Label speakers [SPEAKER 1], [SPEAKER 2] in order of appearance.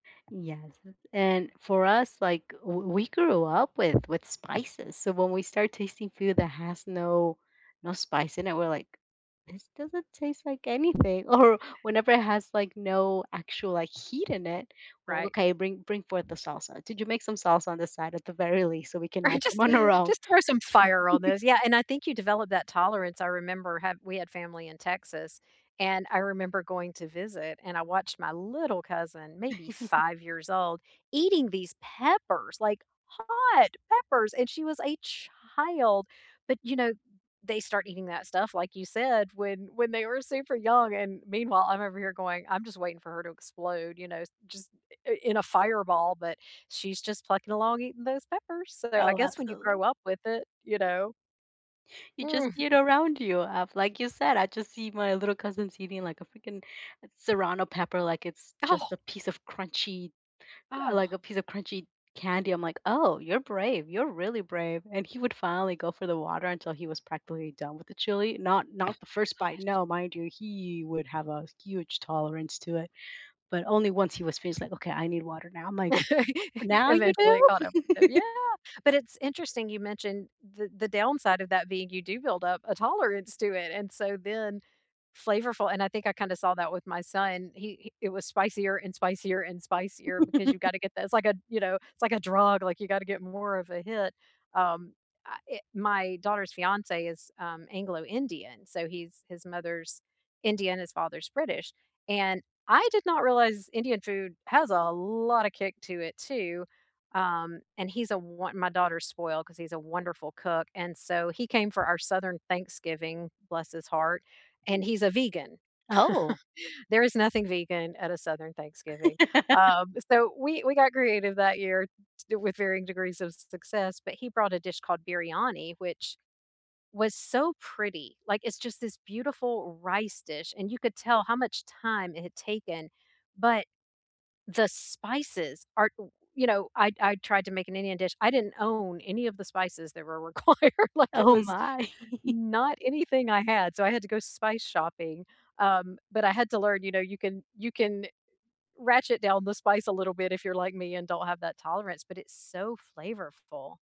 [SPEAKER 1] Yes, and for us, like, w we grew up with with spices, so when we start tasting food that has no no spice in it, we're like, "This doesn't taste like anything." Or whenever it has like no actual, like, heat in it well
[SPEAKER 2] Right.
[SPEAKER 1] okay, "Bring bring forth the salsa, did you make some salsa on this side at the very least so we can
[SPEAKER 2] I
[SPEAKER 1] add them
[SPEAKER 2] just
[SPEAKER 1] on our own?"
[SPEAKER 2] just throw some fire on this Yeah, and I think you develop that tolerance, I remember have we had family in Texas, and I remember going to visit and I watched my little cousin, maybe 5 years old, eating these peppers, like hot peppers and she was a child, but, you know, they start eating that stuff, like you said, when when they were super young. And meanwhile, I'm over here going, "I'm just waiting for her to explode, you know, just i in a fireball." But she's just plucking along eating those peppers. So, I
[SPEAKER 1] Oh,
[SPEAKER 2] guess when you
[SPEAKER 1] absolute
[SPEAKER 2] grow up with it, you know?
[SPEAKER 1] You just
[SPEAKER 2] Mhm.
[SPEAKER 1] eat around you, uh, like you said, I just see my little cousin's eating like a freaking serrano pepper like it's
[SPEAKER 2] Oh.
[SPEAKER 1] just a piece of crunchy like
[SPEAKER 2] Ugh.
[SPEAKER 1] a piece of crunchy candy. I'm like, "Oh, you're brave. You're really brave." And he would finally go for the water until he was practically done with the chili not
[SPEAKER 2] Oh
[SPEAKER 1] not the
[SPEAKER 2] my
[SPEAKER 1] first bite,
[SPEAKER 2] gosh.
[SPEAKER 1] no, mind you, he would have a huge tolerance to it, but only once he was finished, "Okay, I need water now." I'm like, "Now you
[SPEAKER 2] Eventually it
[SPEAKER 1] do?"
[SPEAKER 2] caught up with them Yeah, but it's interesting you mentioned th the downside of that being you do build up a tolerance to it, and so then flavorful and I think I kinda saw that with my son, he he it was spicier and spicier and spicier because you gotta get that it's like a, you know, it's like a drug, like you gotta get more of a hit, um, I it my daughter's fiance is, um, Anglo Indian, so he's his mother's Indian, his father's British, and I did not realize Indian food has a lot of kick to it too, um, and he's a wo my daughter's spoiled because he's a wonderful cook, and so he came for our southern Thanksgiving, bless his heart, and
[SPEAKER 1] [unintelligible]
[SPEAKER 2] he's a vegan.
[SPEAKER 1] Oh.
[SPEAKER 2] There is nothing vegan at a southern Thanksgiving, um, so we we got creative that year t with varying degrees of su success, but he brought a dish called biryani, which was so pretty. Like, it's just this beautiful rice dish and you could tell how much time it had taken, but the spices are, you know I I tried to make an Indian dish. I didn't own any of the spices that were required, like, it
[SPEAKER 1] Oh
[SPEAKER 2] was
[SPEAKER 1] my.
[SPEAKER 2] not anything I had, so I had to go spice shopping, um, but I had to learn, you know, you can you can ratchet down the spice a little bit if you're like me and don't have that tolerance, but it's so flavorful.